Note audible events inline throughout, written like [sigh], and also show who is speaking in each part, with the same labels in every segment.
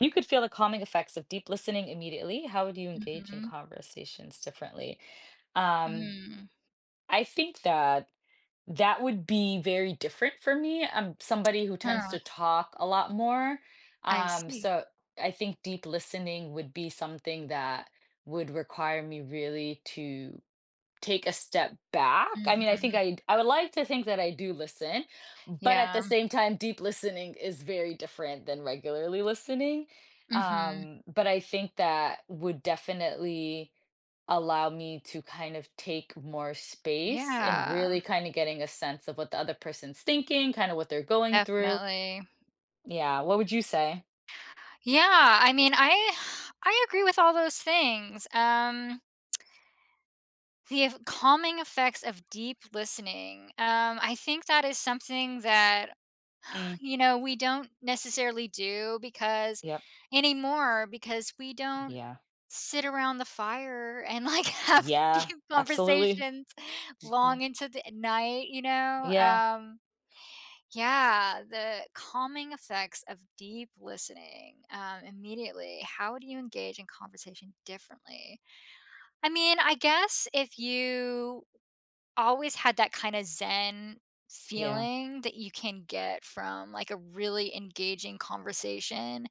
Speaker 1: You could feel the calming effects of deep listening immediately. How would you engage in
Speaker 2: Mhm.
Speaker 1: conversations differently, um,
Speaker 2: Mm.
Speaker 1: I think that that would be very different for me. I'm somebody who tends
Speaker 2: Huh.
Speaker 1: to talk a lot more.
Speaker 2: I
Speaker 1: Um,
Speaker 2: see.
Speaker 1: so I think deep listening would be something that would require me really to take a step back. I mean, I think
Speaker 2: Mhm.
Speaker 1: I'd I would like to think that I do listen, but at
Speaker 2: Yeah.
Speaker 1: the same time, deep listening is very different than regularly listening.
Speaker 2: Mhm.
Speaker 1: Um, but I think that would definitely allow me to kind of take more space and
Speaker 2: Yeah.
Speaker 1: really kind of getting a sense of what the other person's thinking, kind of what they're going through.
Speaker 2: Definitely.
Speaker 1: Yeah, what would you say?
Speaker 2: Yeah, I mean, I I agree with all those things, um The ef calming effects of deep listening. Um, I think that is something that,
Speaker 1: Mm.
Speaker 2: you know, we don't necessarily do because
Speaker 1: Yep.
Speaker 2: anymore, because we don't
Speaker 1: Yeah.
Speaker 2: sit around the fire and like have
Speaker 1: Yeah,
Speaker 2: deep
Speaker 1: absolutely.
Speaker 2: conversations
Speaker 1: M yeah.
Speaker 2: long into the night, you know,
Speaker 1: Yeah.
Speaker 2: um Yeah, the calming effects of deep listening, um, immediately. How do you engage in conversation differently? I mean, I guess if you always had that kinda zen
Speaker 1: Yeah.
Speaker 2: feeling that you can get from, like, a really engaging conversation,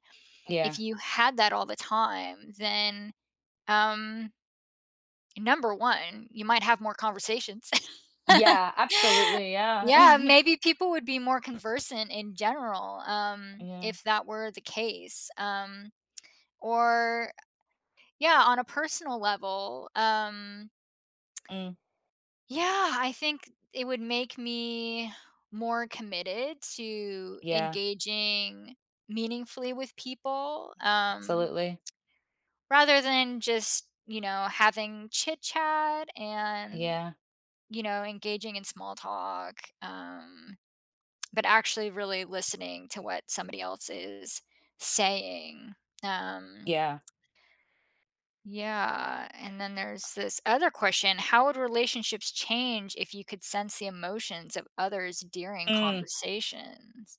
Speaker 1: Yeah.
Speaker 2: if you had that all the time, then, um Number 1, you might have more conversations. [laughs]
Speaker 1: Yeah, absolutely, yeah.
Speaker 2: Yeah,
Speaker 1: [chuckles]
Speaker 2: maybe people would be more conversant in general, um,
Speaker 1: Yeah.
Speaker 2: if that were the case, um, or, yeah, on a personal level, um
Speaker 1: Mm.
Speaker 2: yeah, I think it would make me more committed to
Speaker 1: Yeah.
Speaker 2: engaging meaningfully with people, um
Speaker 1: Absolutely.
Speaker 2: rather than just, you know, having chit-chat and,
Speaker 1: Yeah.
Speaker 2: you know, engaging in small talk, um, but actually really listening to what somebody else is saying, um
Speaker 1: Yeah.
Speaker 2: Yeah, and then there's this other question, how would relationships change if you could sense the emotions of others during
Speaker 1: Mm.
Speaker 2: conversations?